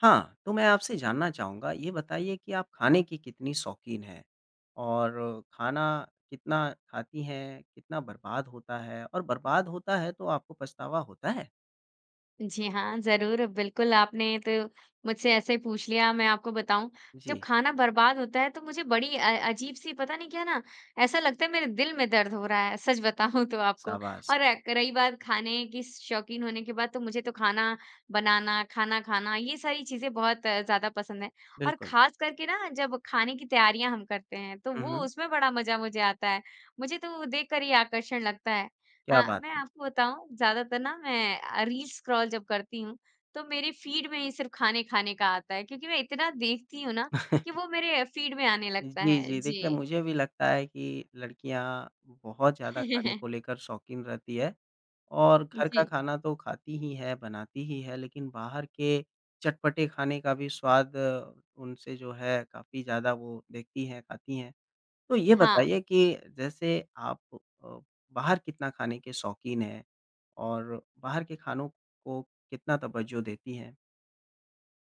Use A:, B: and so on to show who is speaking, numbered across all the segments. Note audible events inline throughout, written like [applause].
A: हाँ। तो मैं आपसे जानना चाहूँगा। ये बताइए कि आप ख़ाने की कितनी शौकीन हैं? और खाना कितना ख़ाती हैं, कितना बर्बाद होता है और बर्बाद होता है तो आपको पछतावा होता है?
B: जी हाँ, ज़रूर। बिल्कुल आपने तो मुझसे ऐसे पूछ लिया, मैं आपको बताऊँ जब
A: जी।
B: ख़ाना बर्बाद होता है तो मुझे बड़ी अ अ, अजीब सी पता नहीं क्या ना ऐसा लगता है मेरे दिल में दर्द हो रहा है, सच बताऊँ तो आपको।
A: शाबाश!
B: और क रही बात खाने की शौकीन होने के बाद तो मुझे तो ख़ाना बनाना, खाना ख़ाना ये सारी चीज़ें बहुत ज़्यादा पसंद हैं और
A: बिल्कुल।
B: ख़ास करके ना जब खाने की तैयारियाँ हम करते हैं तो
A: हुँ,
B: वो
A: हुँ।
B: उसमें बड़ा मज़ा मुझे आता है। मुझे तो वो देखकर ही आकर्षण लगता है।
A: क्या
B: अ,
A: बात
B: मैं
A: है!
B: आपको बताऊँ ज़्यादातर ना मैं अ, रील स्क्रोल जब करती हूँ तो मेरे फ़ीड में ही सिर्फ़ ख़ाने ख़ाने का आता है क्योंकि मैं इतना देखती हूँ ना कि
A: [chuckles]
B: वो मेरे अ, फ़ीड में आने लगता
A: जी,
B: है।
A: जी। देखिए
B: जी।
A: मुझे भी लगता है कि लड़कियाँ बहुत ज़्यादा ख़ाने को
B: [laughs]
A: लेकर शौकीन रहती है। और घर का
B: जी।
A: ख़ाना तो खाती ही है बनाती ही है लेकिन बाहर के चटपटे ख़ाने का भी स्वाद उनसे जो है काफ़ी ज़्यादा वो देखती है खाती हैं। तो ये
B: हाँ।
A: बताइए कि जैसे आप प अ, बाहर कितना ख़ाने के शौकीन हैं? और बाहर के ख़ानों को कितना तवज़्ज़ो देती हैं?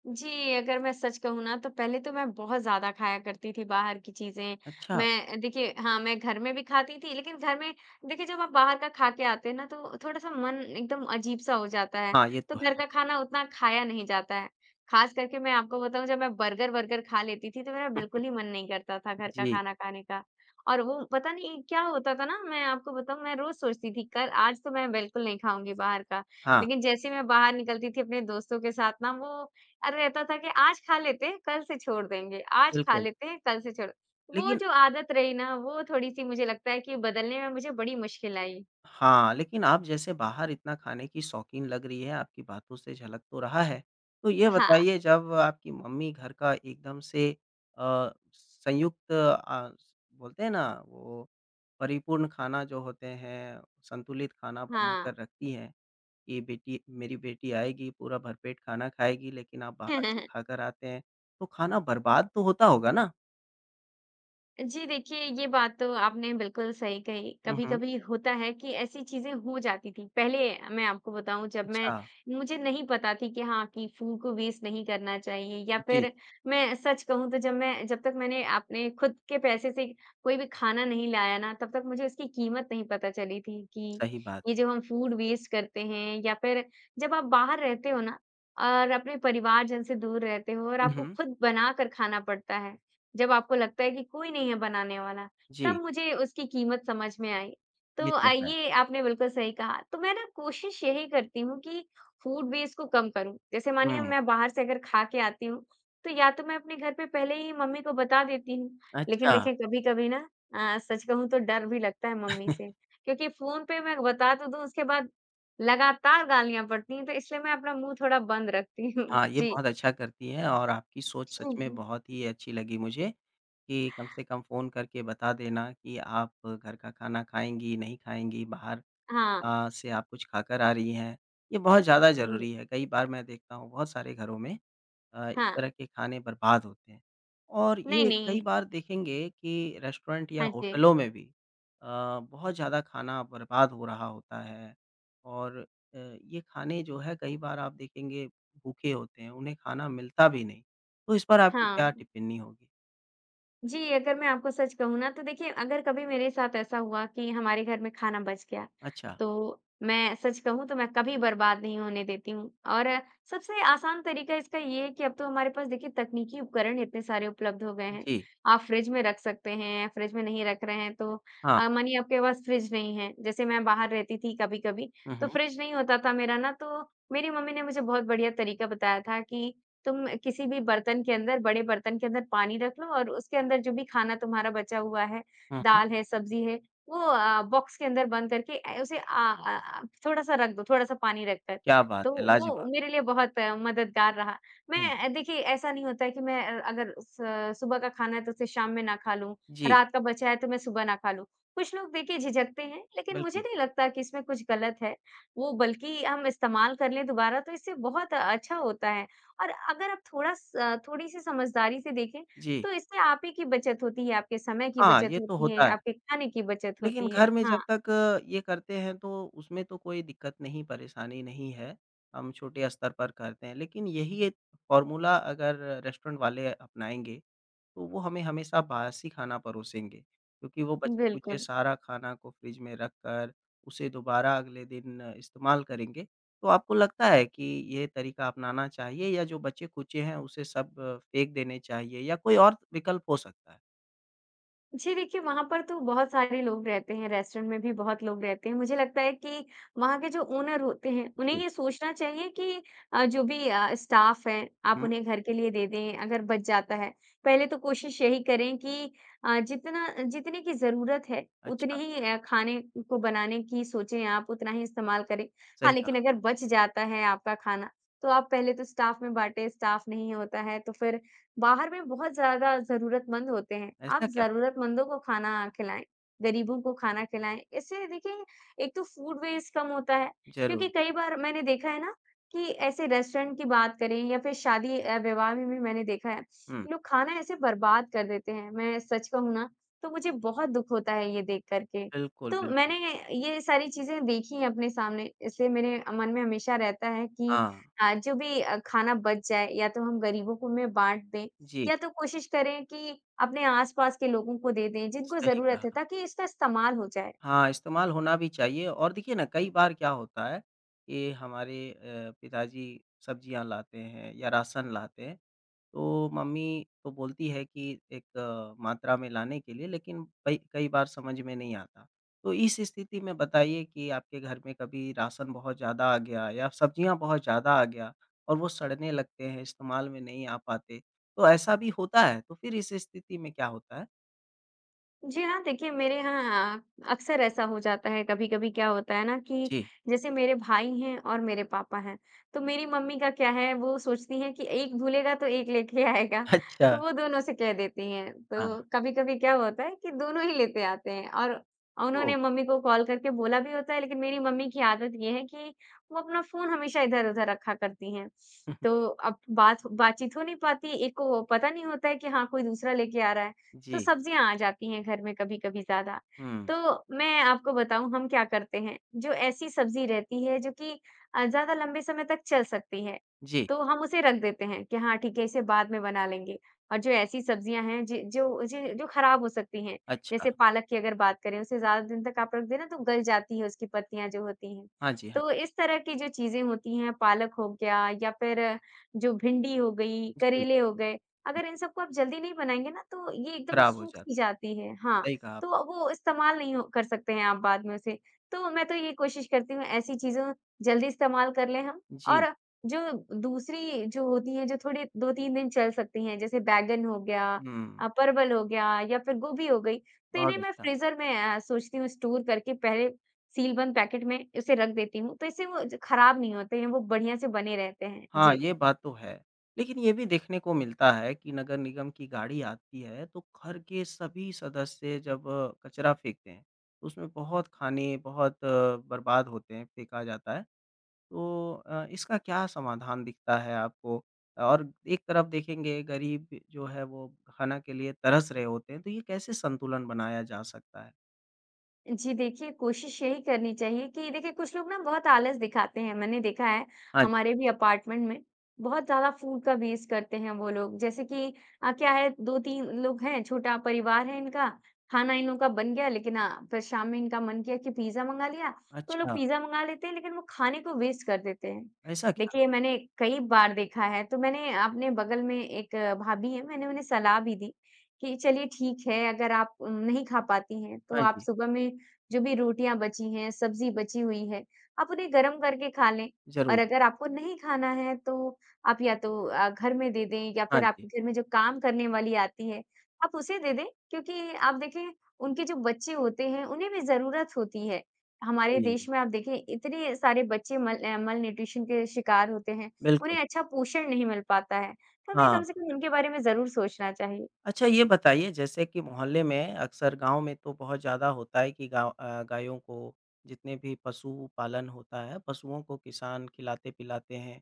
B: जी। अगर मैं सच कहूँ ना तो पहले तो मैं बहुत ज़्यादा ख़ाया करती थी बाहर की चीज़ें।
A: अच्छा!
B: मैं अ, देखिए हाँ, मैं घर में भी खाती थी लेकिन घर में देखिए जब आप बाहर का खाके आते हैं ना तो थोड़ा-सा मन एकदम अजीब-सा हो जाता है।
A: हाँ, ये
B: तो
A: तो
B: घर
A: है।
B: का ख़ाना उतना ख़ाया नहीं जाता है। ख़ास करके मैं आपको बताऊँ जब मैं बर्गर-वर्गर ख़ा लेती थी तो मेरा बिल्कुल ही मन नहीं करता था
A: [chuckles]
B: घर का
A: जी।
B: खाना खाने का और वो पता नहीं क्या होता था ना मैं आपको बताऊँ मैं रोज़ सोचती थी कल आज तो मैं बिल्कुल नहीं ख़ाऊँगी बाहर का।
A: हाँ।
B: लेकिन जैसे ही मैं बाहर निकलती थी अपने दोस्तों के साथ ना वो अ, रहता था कि आज ख़ा लेते हैं कल से छोड़ देंगे आज खा
A: बिल्कुल।
B: लेते हैं कल से छोड़ो। वो
A: लेकिन
B: जो आदत रही ना वो थोड़ी-सी मुझे लगता है कि बदलने में मुझे बड़ी मुश्किल आई।
A: हाँ, लेकिन आप जैसे बाहर इतना ख़ाने की शौकीन लग रही है आपकी बातों से झलक तो रहा है। तो ये
B: हाँ।
A: बताइए जब आपकी मम्मी घर का एकदम से अ, संयुक्त अ, स बोलते हैं ना? वो परिपूर्ण ख़ाना जो होते हैं, संतुलित ख़ाना
B: हाँ।
A: बनाकर रखती है के बेटी मेरी बेटी आएगी पूरा भरपेट ख़ाना ख़ाएगी लेकिन आप बाहर से
B: [laughs]
A: ख़ाकर आते हैं। तो ख़ाना बर्बाद तो होता होगा ना?
B: जी देखिए ये बात तो आपने बिल्कुल सही कही।
A: हुँ, हुँ।
B: कभी-कभी होता है कि ऐसी चीज़ें हो जाती थी। पहले मैं आपको बताऊँ जब मैं
A: अच्छा।
B: मुझे नहीं पता थी कि हाँ कि फूड को वेस्ट नहीं करना चाहिए या
A: जी।
B: फ़िर मैं सच कहूँ तो जब मैं जब तक मैंने आपने ख़ुद के पैसे से कोई भी खाना नहीं लाया ना तब तक मुझे इसकी कीमत नहीं पता चली थी कि
A: सही बात।
B: ये जो हम फूड वेस्ट करते हैं या फ़िर जब आप बाहर रहते हो ना और अपने परिवारजन से दूर रहते हो और
A: हुँ,
B: आपको
A: हुँ।
B: ख़ुद बनाकर खाना पड़ता है। जब आपको लगता है कि कोई नहीं है बनाने वाला, तब
A: जी।
B: मुझे उसकी कीमत समझ में आई। तो
A: ये तो है।
B: आइए आपने बिल्कुल सही कहा। तो मैं ना कोशिश यही करती हूँ कि फूड वेस्ट को कम करूँ। जैसे मानिए अब मैं
A: हुँ।
B: बाहर से अगर खाके आती हूँ तो या तो मैं अपने घर पे पहले ही मम्मी को बता देती हूँ, लेकिन
A: अच्छा।
B: देखिए कभी-कभी ना अ, सच कहूँ तो डर भी लगता है मम्मी से,
A: [chuckles]
B: क्योंकि फ़ोन पे मैं बता तो दूँ उसके बाद लगातार गालियाँ पड़ती हैं तो इसलिए मैं अपना मुँह थोड़ा बंद रखती हूँ।
A: हाँ, ये
B: जी।
A: बहुत अच्छा करती हैं और आपकी सोच सच
B: हुँ,
A: में
B: हुँ।
A: बहुत ही अच्छी लगी मुझे कि कम से कम फ़ोन करके बता देना की आप घर का खाना खाएँगी नहीं खाएँगी बाहर
B: हाँ।
A: अ, से आप कुछ खा कर आ रही हैं। ये बहुत ज़्यादा
B: हुँ।
A: ज़रूरी है कई बार मैं देखता हूँ बहुत सारे घरों में अ, इस
B: हाँ।
A: तरह के खाने बर्बाद होते हैं। और
B: नहीं,
A: ये कई
B: नहीं।
A: बार देखेंगे कि रेस्टोरेंट या
B: हाँ जी।
A: होटलों में भी अ, बहुत ज़्यादा खाना बर्बाद हो रहा होता है और अ, ये खाने जो है कई बार आप देखेंगे भूखे होते हैं उन्हें खाना मिलता भी नहीं तो इस पर आपकी क्या
B: हाँ।
A: टिप्पणी होगी?
B: जी अगर मैं आपको सच कहूँ ना तो देखिए अगर कभी मेरे साथ ऐसा हुआ कि हमारे घर में खाना बच गया,
A: अच्छा।
B: तो मैं सच कहूँ तो मैं कभी बर्बाद नहीं होने देती हूँ और सबसे आसान तरीका इसका ये है कि अब तो हमारे पास देखिए तकनीकी उपकरण इतने सारे उपलब्ध हो गए हैं।
A: जी।
B: आप फ़्रिज में रख सकते हैं या फ़्रिज में नहीं रख रहे हैं तो
A: हाँ।
B: अ, मानिए आपके पास फ़्रिज नहीं है जैसे मैं बाहर रहती थी कभी-कभी
A: हुँ,
B: तो
A: हुँ।
B: फ़्रिज नहीं होता था मेरा ना तो मेरी मम्मी ने मुझे बहुत बढ़िया तरीका बताया था कि तुम किसी भी बर्तन के अंदर बड़े बर्तन के अंदर पानी रख लो और उसके अंदर जो भी खाना तुम्हारा बचा हुआ है,
A: हुँ, हुँ।
B: दाल है, सब्ज़ी है, वो अ अ, बॉक्स के अंदर बंद करके अ, उसे अ अ अ, थोड़ा-सा रख दो, थोड़ा-सा पानी रख कर।
A: क्या बात
B: तो
A: है,
B: वो
A: लाज़वाब!
B: मेरे लिए बहुत मददगार रहा।
A: हुँ।
B: मैं देखिए ऐसा नहीं होता है कि मैं अ अगर स सुबह का खाना है तो उसे शाम में ना खा लूँ,
A: जी।
B: रात का बचा है तो मैं सुबह ना खा लूँ। कुछ लोग देखिए झिझकते हैं लेकिन मुझे
A: बिल्कुल।
B: नहीं लगता कि इसमें कुछ गलत है। वो बल्कि हम इस्तेमाल कर लें दुबारा तो इससे बहुत अच्छा होता है और अगर आप थोड़ा स अ, थोड़ी-सी समझदारी से देखें
A: जी।
B: तो इससे आप ही की बचत होती है, आपके समय की
A: हाँ,
B: बचत
A: ये तो
B: होती है,
A: होता है।
B: आपके खाने की बचत
A: लेकिन
B: होती है।
A: घर में जब
B: हाँ।
A: तक ये करते है तो उसमें तो कोई दिक़्क़त नहीं परेशानी नहीं है। हम छोटे स्तर पर करते हैं लेकिन यही 1 फ़ॉर्मूला अगर रेस्टोरेंट वाले अपनाएँगे तो वो हमें हमेशा बासी खाना परोसेंगे क्योंकि वो बचे-कुचे
B: बिल्कुल।
A: सारा खाना को फ़्रिज में रखकर उसे दोबारा अगले दिन इस्तेमाल करेंगे। तो आपको लगता है कि ये तरीका अपनाना चाहिए या जो बचे-कुचे हैं उसे सब फ़ेंक देने चाहिए या कोई और विकल्प हो सकता है?
B: जी, देखिए वहाँ पर तो बहुत सारे लोग रहते हैं रेस्टोरेंट में भी बहुत लोग रहते हैं, मुझे लगता है कि वहाँ के जो ओनर होते है उन्हें
A: जी।
B: ये सोचना चाहिए कि अ, जो भी अ, स्टाफ़ है, आप
A: हुँ।
B: उन्हें घर के लिए दे दें अगर बच जाता है। पहले तो कोशिश यही करें कि अ, जितना जितने की ज़रूरत है उतनी
A: अच्छा।
B: ही अ, खाने को बनाने की सोचें आप, उतना ही इस्तेमाल करें। हाँ,
A: सही कहा।
B: लेकिन अगर बच जाता है आपका खाना, तो आप पहले तो स्टाफ़ में बाँटे। स्टाफ़ नहीं होता है तो फिर बाहर में बहुत ज़्यादा ज़रूरतमंद होते हैं, आप
A: ऐसा क्या?
B: ज़रूरतमंदों को खाना खिलाएँ, गरीबों को खाना खिलाएँ। इससे देखिए एक तो फूड वेस्ट कम होता है।
A: ज़रूर।
B: क्योंकि कई बार मैंने देखा है ना कि ऐसे रेस्टोरेंट की बात करें या फिर शादी अ, विवाह में भी मैंने देखा है
A: हुँ।
B: लोग खाना ऐसे बर्बाद कर देते हैं, मैं सच कहूँ ना तो मुझे बहुत दुख होता है ये देखकर के,
A: बिल्कुल,
B: तो
A: बिल्कुल।
B: मैंने ये सारी चीज़ें देखी हैं अपने सामने इसलिए मेरे मन में हमेशा रहता है कि
A: हाँ।
B: अ, जो भी अ, खाना बच जाए या तो हम गरीबों को में बाँट दें
A: जी।
B: या तो कोशिश करें कि अपने आस-पास के लोगों को दे दें जिनको
A: सही
B: ज़रूरत है,
A: कहा।
B: ताकि इसका इस्तेमाल हो जाए।
A: हाँ, इस्तेमाल होना भी चाहिए और देखिए ना कई बार क्या होता है कि हमारे अ, पिताजी सब्जियाँ लाते हैं या राशन लाते है, तो मम्मी तो बोलती है कि एक मात्रा में लाने के लिए लेकिन कई कई बार समझ में नहीं आता। तो इस स्थिति में बताइए कि आपके घर में कभी राशन बहुत ज़्यादा आ गया या सब्जियाँ बहुत ज़्यादा आ गया और वो सड़ने लग गए हैं, इस्तेमाल में नहीं आ पाते, तो ऐसा भी होता है, तो फिर इस स्थिति में क्या होता है?
B: जी हाँ। देखिए मेरे यहाँ अक्सर ऐसा हो जाता है, कभी-कभी क्या होता है ना कि
A: जी।
B: जैसे मेरे भाई हैं और मेरे पापा हैं, तो मेरी मम्मी का क्या है वो सोचती हैं कि एक भूलेगा तो एक लेके आएगा
A: अच्छा।
B: तो वो दोनों से कह देती हैं।
A: हाँ।
B: तो कभी-कभी क्या होता है कि दोनों ही लेते आते हैं और
A: ओह!
B: उन्होंने मम्मी को कॉल करके बोला भी होता है, लेकिन मेरी मम्मी की आदत ये है कि वो अपना फ़ोन हमेशा इधर-उधर रखा करती हैं।
A: [chuckles]
B: तो अब बात बातचीत हो नहीं पाती। एक को पता नहीं होता है कि हाँ, कोई दूसरा लेके आ रहा है तो
A: जी।
B: सब्जियाँ आ जाती हैं घर में कभी-कभी ज़्यादा,
A: हुँ।
B: तो मैं आपको बताऊँ हम क्या करते हैं जो ऐसी सब्ज़ी रहती है जो कि अ, ज़्यादा लंबे समय तक चल सकती है
A: जी।
B: तो हम उसे रख देते हैं कि हाँ, ठीक है इसे बाद में बना लेंगे और जो ऐसी सब्जियाँ हैं जि जो ज जो खराब हो सकती हैं,
A: अच्छा।
B: जैसे पालक की अगर बात करें उसे ज़्यादा दिन तक आप रख दे ना तो गल जाती है उसकी पत्तियाँ जो होती हैं,
A: हाँ जी, हाँ।
B: तो इस तरह की जो चीज़ें होती हैं पालक हो गया या फिर जो भिंडी हो गई,
A: जी।
B: करेले हो गए अगर इन सबको आप जल्दी नहीं बनाएँगे ना तो ये एकदम
A: खराब हो जाता।
B: सूख-सी जाती है। हाँ,
A: सही कहा आप
B: तो वो इस्तेमाल नहीं हो कर सकते हैं आप बाद में उसे, तो मैं तो ये कोशिश करती हूँ ऐसी चीज़ों जल्दी इस्तेमाल कर लें हम।
A: जी।
B: और जो दूसरी जो होती है जो थोड़ी 2-3 दिन चल सकती हैं जैसे बैंगन हो गया
A: हुँ।
B: अ, परवल हो गया या फिर गोभी हो गई तो
A: बहुत
B: इन्हें मैं
A: अच्छा।
B: फ्रीज़र में अ, सोचती हूँ स्टोर करके पहले सील बंद पैकेट में उसे रख देती हूँ तो इससे वो ज खराब नहीं होते हैं, वो बढ़िया से बने रहते हैं।
A: हाँ,
B: जी।
A: ये बात तो है, लेकिन ये भी देखने को मिलता है कि नगर निगम की गाड़ी आती है, तो घर के सभी सदस्य जब कचरा फेंकते हैं उसमें बहुत खाने बहुत बर्बाद होते हैं, फेंका जाता है। तो अ, इसका क्या समाधान दिखता है आपको? और एक तरफ देखेंगे गरीब जो है, वो खाना के लिए तरस रहे होते तो ये कैसे संतुलन बनाया जा सकता है?
B: जी देखिए, कोशिश यही करनी चाहिए कि देखिए, कुछ लोग ना बहुत आलस दिखाते हैं। मैंने देखा है
A: हाँ जी।
B: हमारे भी अपार्टमेंट में बहुत ज़्यादा फूड का वेस्ट करते हैं वो लोग। जैसे कि अ, क्या है, 2-3 लोग हैं, छोटा परिवार है इनका, खाना इन लोगों का बन गया लेकिन अ, फ़िर शाम में इनका मन किया कि पिज़्ज़ा मँगा लिया तो लोग
A: अच्छा।
B: पिज़्ज़ा मँगा लेते हैं लेकिन वो खाने को वेस्ट कर देते हैं।
A: ऐसा क्या?
B: देखिए मैंने कई बार देखा है तो मैंने अपने बगल में एक भाभी है मैंने उन्हें सलाह भी दी कि चलिए ठीक है अगर आप नहीं खा पाती हैं तो
A: हाँ
B: आप
A: जी।
B: सुबह में जो भी रोटियाँ बची हैं, सब्ज़ी बची हुई है आप उन्हें गरम करके खा लें
A: ज़रूर।
B: और अगर आपको नहीं खाना है तो आप या तो अ, घर में दे दें या
A: हाँ
B: फ़िर
A: जी।
B: आपके घर में जो काम करने वाली आती है आप उसे दे दें क्योंकि आप देखें उनके जो बच्चे होते हैं उन्हें भी ज़रूरत होती है। हमारे
A: जी।
B: देश में आप देखें इतने सारे बच्चे मल अ, मल्नूट्रिशन के शिकार होते हैं,
A: बिल्कुल।
B: उन्हें अच्छा पोषण नहीं मिल पाता है। तो हमें
A: हाँ।
B: कम से कम उनके बारे में ज़रूर सोचना चाहिए।
A: अच्छा ये बताइए जैसे कि मोहल्ले में अक्सर गाँव में तो बहुत ज़्यादा होता है कि गाँव अ, गायों को जितने भी पशु-पालन होता है पशुओं को किसान खिलाते-पिलाते हैं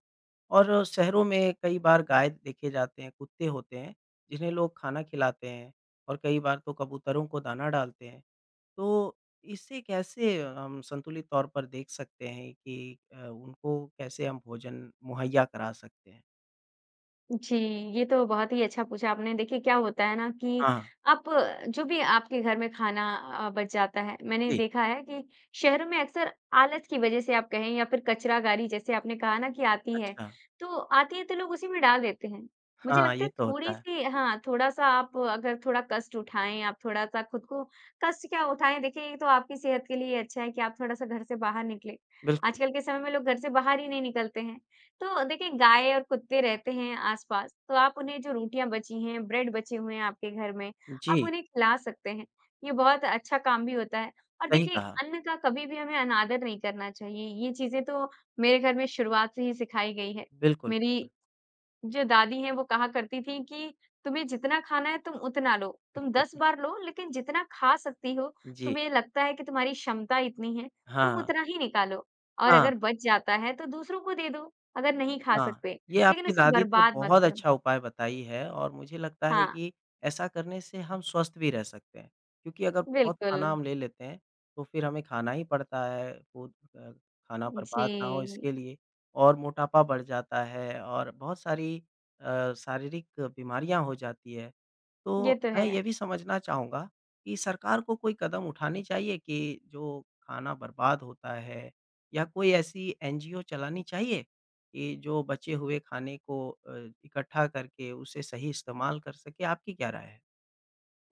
A: और शहरों में कई बार गाय देखे जाते हैं कुत्ते होते हैं जिन्हें लोग खाना खिलाते हैं और कई बार तो कबूतरों को दाना डालते हैं, तो इसे कैसे हम संतुलित तौर पर देख सकते हैं कि अ, उनको कैसे हम भोजन मुहैया करा सकते हैं?
B: जी, ये तो बहुत ही अच्छा पूछा आपने। देखिए, क्या होता है ना कि
A: हाँ।
B: आप जो भी आपके घर में खाना अ, बच जाता है, मैंने
A: जी।
B: देखा है कि शहरों में अक्सर आलस की वज़ह से आप कहें या फिर कचरागाड़ी, जैसे आपने कहा ना कि आती है,
A: अच्छा।
B: तो आती है, तो लोग उसी में डाल देते हैं। मुझे
A: हाँ,
B: लगता
A: ये
B: है,
A: तो होता है।
B: थोड़ी-सी हाँ, थोड़ा-सा आप अगर थोड़ा कष्ट उठाएँ, आप थोड़ा-सा खुद को कष्ट क्या उठाएँ? देखिए, ये तो आपकी सेहत के लिए ही अच्छा है कि आप थोड़ा-सा घर से बाहर निकलें।
A: बिल्कुल।
B: आजकल के समय में लोग घर से बाहर ही नहीं निकलते हैं। तो देखिए, गाय और कुत्ते रहते हैं आसपास, तो आप उन्हें जो रोटियाँ बची हैं, ब्रेड बचे हुए हैं आपके घर में, आप
A: जी।
B: उन्हें खिला सकते हैं। ये बहुत अच्छा काम भी होता है और
A: सही
B: देखिए,
A: कहा।
B: अन्न का कभी भी हमें अनादर नहीं करना चाहिए। ये चीज़ें तो मेरे घर में शुरुआत से ही सिखाई गई हैं।
A: बिल्कुल, बिल्कुल।
B: मेरी जो दादी हैं, वो कहा करती थीं कि, "तुम्हें जितना खाना है, तुम उतना लो। तुम 10
A: [chuckles]
B: बार लो, लेकिन जितना खा सकती हो,
A: जी।
B: तुम्हें लगता है कि तुम्हारी क्षमता इतनी है, तुम
A: हाँ।
B: उतना ही निकालो और
A: हाँ।
B: अगर बच जाता है, तो दूसरों को दे दो, अगर नहीं खा
A: हाँ,
B: सकते,
A: ये
B: लेकिन
A: आपकी
B: इसे
A: दादी तो
B: बर्बाद मत
A: बहुत
B: करो।"
A: अच्छा उपाय बताई है और मुझे लगता है
B: हाँ।
A: कि ऐसा करने से हम स्वस्थ भी रह सकते हैं क्योंकि अगर बहुत खाना
B: बिल्कुल।
A: हम ले लेते हैं, तो फिर हमें खाना ही पड़ता है, वो अ, खाना बर्बाद ना हो
B: जी।
A: इसके लिए और मोटापा बढ़ जाता है और बहुत सारी अ, शारीरिक बीमरियाँ हो जाती हैं। तो
B: ये तो
A: मैं
B: है।
A: ये भी समझना चाहूँगा कि सरकार को कोई कदम उठाने चाहिए कि जो खाना बर्बाद होता है या कोई ऐसी एनजीओ चलानी चाहिए कि जो बचे हुए खाने को अ, इकट्ठा करके उसे सही इस्तेमाल कर सकें? आपकी क्या राय है?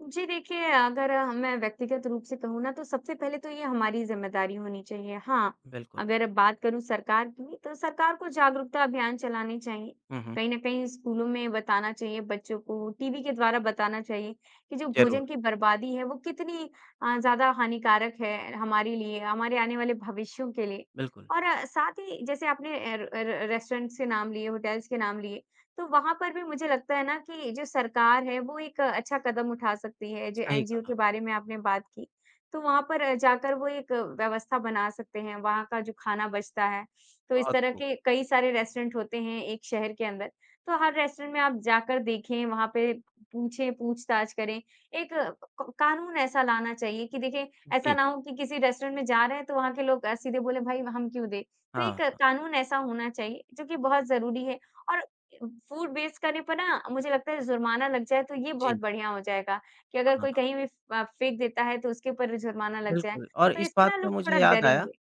B: जी देखिए, अगर मैं व्यक्तिगत रूप से कहूँ ना, तो सबसे पहले तो ये हमारी ज़िम्मेदारी होनी चाहिए। हाँ,
A: बिल्कुल।
B: अगर बात करूँ सरकार की, तो सरकार को जागरूकता अभियान चलाने चाहिए।
A: हुँ, हुँ।
B: कहीं न कहीं स्कूलों में बताना चाहिए, बच्चों को टीवी के द्वारा बताना चाहिए, कि जो
A: ज़रूर।
B: भोजन की बर्बादी है वो कितनी अ, ज़्यादा हानिकारक है हमारे लिए हमारे आने वाले भविष्यों के लिए।
A: बिल्कुल।
B: और साथ ही जैसे आपने अ, र अ, र रेस्टोरेंट्स से नाम लिए होटेल्स के नाम लिए। तो वहाँ पर भी मुझे लगता है ना कि जो सरकार है वो एक अच्छा कदम उठा सकती है। जो
A: सही
B: एनजीओ
A: कहा।
B: के बारे में आपने बात की, तो वहाँ पर जाकर वो एक व्यवस्था बना सकते हैं। वहाँ का जो खाना बचता है, तो इस
A: बहुत
B: तरह
A: खूब।
B: के कई सारे रेस्टोरेंट होते हैं एक शहर के अंदर। तो हर रेस्टोरेंट में आप जाकर देखें, वहाँ पे पूछें पूछ-ताछ करें। एक क कानून ऐसा लाना चाहिए कि देखिए ऐसा
A: जी।
B: ना हो की किसी रेस्टोरेंट में जा रहे हैं तो वहाँ के लोग अ, सीधे बोले भई हम क्यों दें? तो
A: हाँ,
B: एक
A: हाँ।
B: कानून ऐसा होना चाहिए जो कि बहुत ज़रूरी है। और अ, फूड वेस्ट करने पर ना मुझे लगता है ज़ुर्माना लग जाए तो ये
A: जी।
B: बहुत बढ़िया हो जाएगा। कि अगर
A: हाँ,
B: कोई
A: हाँ।
B: कहीं भी फ़ अ, फ़ेंक देता है। तो उसके ऊपर ज़ुर्माना लग जाए।
A: बिल्कुल, और
B: तो
A: इस
B: इससे
A: बात
B: ना
A: पे
B: लोग
A: मुझे
B: थोड़ा
A: याद आया,
B: डरेंगे।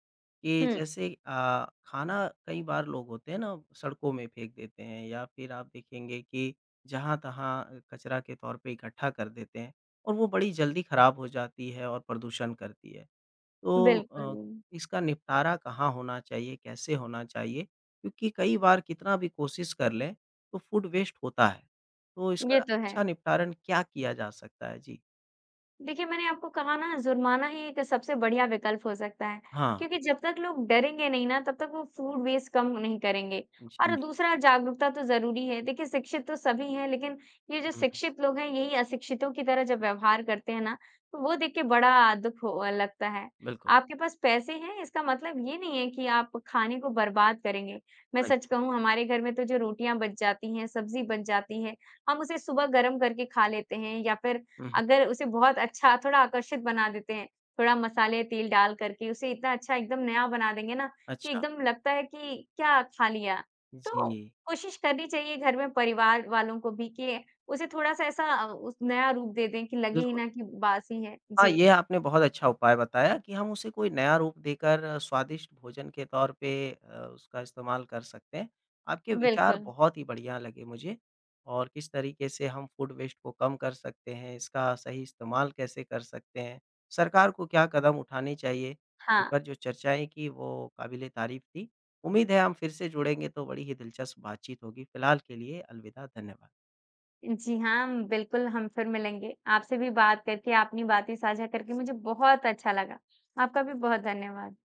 A: कि
B: हुँ।
A: जैसे अ, खाना कई बार लोग होते हैं ना सड़कों में फ़ेंक देते हैं या फिर आप देखेंगे कि, जहाँ-तहाँ कचरा के तौर पे इकट्ठा कर देते हैं। और वो बड़ी जल्दी खराब हो जाती है और प्रदूषण करती है। तो अ,
B: बिल्कुल।
A: इसका निपटारा कहाँ होना चाहिए? कैसे होना चाहिए? क्योंकि कई बार कितना भी कोशिश कर लें तो फूड वेस्ट होता है। तो इसका
B: ये तो है।
A: अच्छा निपटारण क्या किया जा सकता है? जी।
B: देखिए मैंने आपको कहा ना जुर्माना ही एक सबसे बढ़िया विकल्प हो सकता है।
A: हाँ।
B: क्योंकि जब तक लोग डरेंगे नहीं ना तब तक वो फूड वेस्ट कम नहीं करेंगे। और
A: जी।
B: दूसरा जागरूकता तो ज़रूरी है। देखिए शिक्षित तो सभी हैं, लेकिन ये जो
A: हुँ।
B: शिक्षित लोग हैं यही अशिक्षितों की तरह जब व्यवहार करते हैं ना, तो वो देख के बड़ा अ, दुख ह अ, लगता है।
A: बिल्कुल।
B: आपके पास पैसे हैं इसका मतलब ये नहीं है कि आप खाने को बर्बाद करेंगे। मैं
A: हाँ जी।
B: सच कहूँ हमारे घर में तो जो रोटियाँ बच जाती हैं, सब्ज़ी बच जाती है। हम उसे सुबह गरम करके खा लेते हैं या फिर
A: उहुँ।
B: अगर उसे बहुत अच्छा थोड़ा आकर्षित बना देते हैं। थोड़ा मसाले तेल डाल करके उसे इतना अच्छा एकदम नया बना देंगे ना, कि
A: अच्छा।
B: एकदम लगता है कि क्या खा लिया। तो
A: जी।
B: कोशिश करनी चाहिए घर में परिवार वालों को भी, कि उसे थोड़ा-सा ऐसा अ, उस नया रूप दे दें कि लगे ही
A: बिल्कुल।
B: ना कि बासी हैं।
A: हाँ,
B: जी।
A: ये आपने बहुत अच्छा उपाय बताया, कि हम उसे कोई नया रूप देकर स्वादिष्ट भोजन के तौर पे अ, उसका इस्तेमाल कर सकते हैं। आपके विचार
B: बिल्कुल।
A: बहुत ही बढ़िया लगे मुझे। और इस तरीके से हम फूड वेस्ट को कम कर सकते हैं। इसका सही इस्तेमाल कैसे कर सकते हैं। सरकार को क्या कदम उठाने चाहिए,
B: हाँ।
A: ऊपर जो चर्चाएँ की वो काबीले तारीफ थी। उम्मीद है हम फिर से जुड़ेंगे तो बड़ी ही दिलचस्प बात-चीत होगी। फ़िलहाल के लिए अलविदा। धन्यवाद।
B: जी हाँ, बिल्कुल हम फिर मिलेंगे। आपसे भी बात करके, अपनी बात साझा करके मुझे बहुत अच्छा लगा। आपका भी बहुत धन्यवाद।